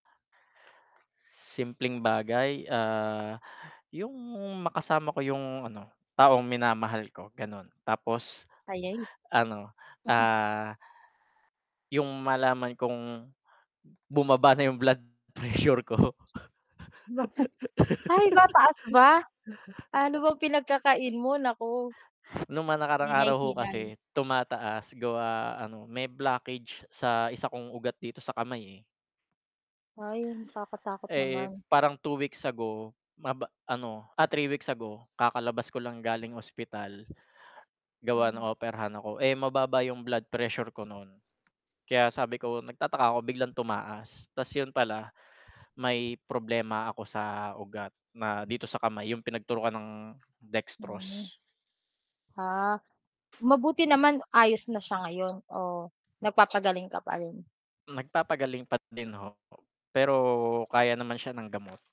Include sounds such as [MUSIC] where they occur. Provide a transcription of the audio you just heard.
Simpleng bagay, ah, yung makasama ko yung, ano, taong minamahal ko, ganun. Tapos, Tayeng. ano, Mhm. ah Yung malaman kong bumaba na yung blood pressure ko. Ba he Ay, [LAUGHS] mataas ba? Ano bang pinagkakain mo, naku. Nung mga nakaraang araw ho Hinay-hinay. kasi, tumataas. Gawa ano may blockage sa isa kong ugat dito sa kamay eh. Ay, nakakatakot Eh, naman. parang 2 weeks ago maba ano, ah, 3 weeks ago kakalabas ko lang galing ospital. Gawa Hmm. ng operahan ako, eh, mababa yung blood pressure ko nun. Kaya sabi ko nagtataka ako biglang tumaas, ta's yun pala, may problema ako sa ugat na dito sa kamay yung pinagturokan ng Mhm. dextrose. Ah. Mabuti naman ayos na siya ngayon, o nagpapagaling ka pa rin? Nagpapagaling pat din ho ako. Pero, kaya naman siya ng gamot.